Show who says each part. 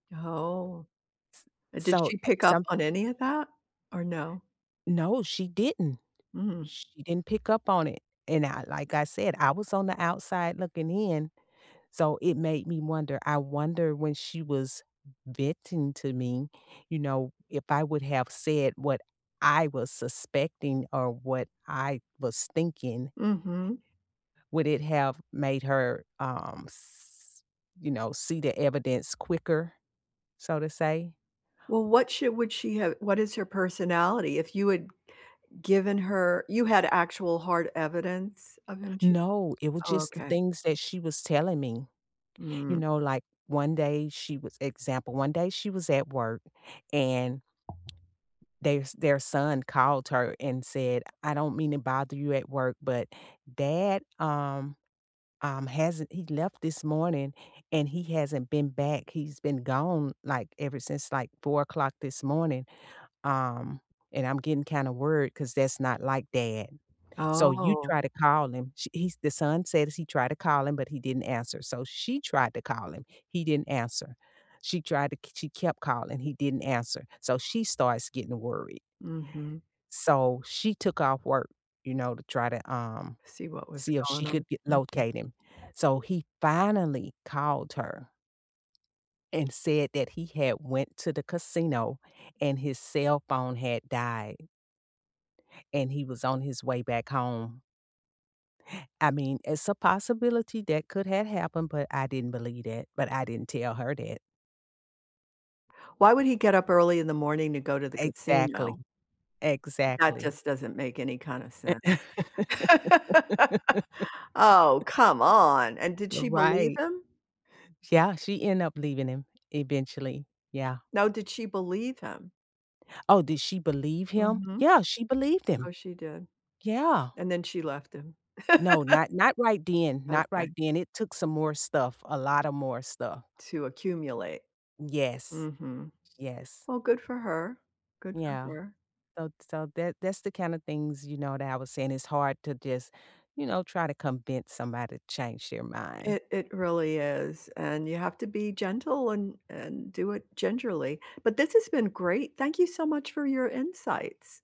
Speaker 1: No.
Speaker 2: S
Speaker 1: Did
Speaker 2: so,
Speaker 1: she
Speaker 2: eh,
Speaker 1: pick up
Speaker 2: someth
Speaker 1: on any of that or no?
Speaker 2: No, she didn't.
Speaker 1: Mm.
Speaker 2: She didn't pick up on it. And I like I said, I was on the outside looking in, so it made me wonder. I wonder when she was venting to me, you know, if I would have said what I was suspecting or what I was thinking
Speaker 1: Mhm.
Speaker 2: would it have made her, um, s you know, see the evidence quicker, so to say?
Speaker 1: Well, what should would she have what is her personality? If you had given her you had actual hard evidence of him ch
Speaker 2: No. It was
Speaker 1: Oh
Speaker 2: just the
Speaker 1: okay.
Speaker 2: things that she was telling me. You
Speaker 1: Mm.
Speaker 2: know, like, one day she was example, one day she was at work and their s their son called her and said, "I don't mean to bother you at work, but dad, um um, hasn't he left this morning, and he hasn't been back. He's been gone, like, ever since, like, 04:00 this morning, um, and I'm getting kinda worried 'cause that's not like dad. So you
Speaker 1: Oh.
Speaker 2: try to call him." She he's the son said he tried to call him, but he didn't answer. So she tried to call him. He didn't answer. She tried to k she kept calling. He didn't answer. So she starts getting worried.
Speaker 1: Mhm.
Speaker 2: So she took off work, you know, to try to, um,
Speaker 1: See what was
Speaker 2: see if
Speaker 1: going
Speaker 2: she
Speaker 1: on.
Speaker 2: could g
Speaker 1: Mhm.
Speaker 2: locate him. So he finally called her, and said that he had went to the casino and his cell phone had died. And he was on his way back home. I mean, it's a possibility that could have happened, but I didn't believe that, but I didn't tell her that.
Speaker 1: Why would he get up early in the morning to go to the
Speaker 2: Exactly.
Speaker 1: casino? That
Speaker 2: Exactly.
Speaker 1: just doesn't make any kinda sense. Oh, come on. And did she believe
Speaker 2: Right.
Speaker 1: him?
Speaker 2: Yeah. She end up leaving him eventually. Yeah.
Speaker 1: No. Did she believe him?
Speaker 2: Oh, did she believe him?
Speaker 1: Mhm.
Speaker 2: Yeah, she believed him.
Speaker 1: Oh, she did.
Speaker 2: Yeah.
Speaker 1: And then she left him.
Speaker 2: No. Not not right then. Not right
Speaker 1: Okay.
Speaker 2: then. It took some more stuff, a lot of more stuff.
Speaker 1: To accumulate.
Speaker 2: Yes.
Speaker 1: Mhm.
Speaker 2: Yes.
Speaker 1: Well, good for her. Good for
Speaker 2: Yeah.
Speaker 1: her.
Speaker 2: So ts so that's the kind of things, you know, that I was saying. It's hard to just, you know, try to convince somebody to change their mind.
Speaker 1: It it really is. And you have to be gentle and and do it gingerly. But this has been great. Thank you so much for your insights.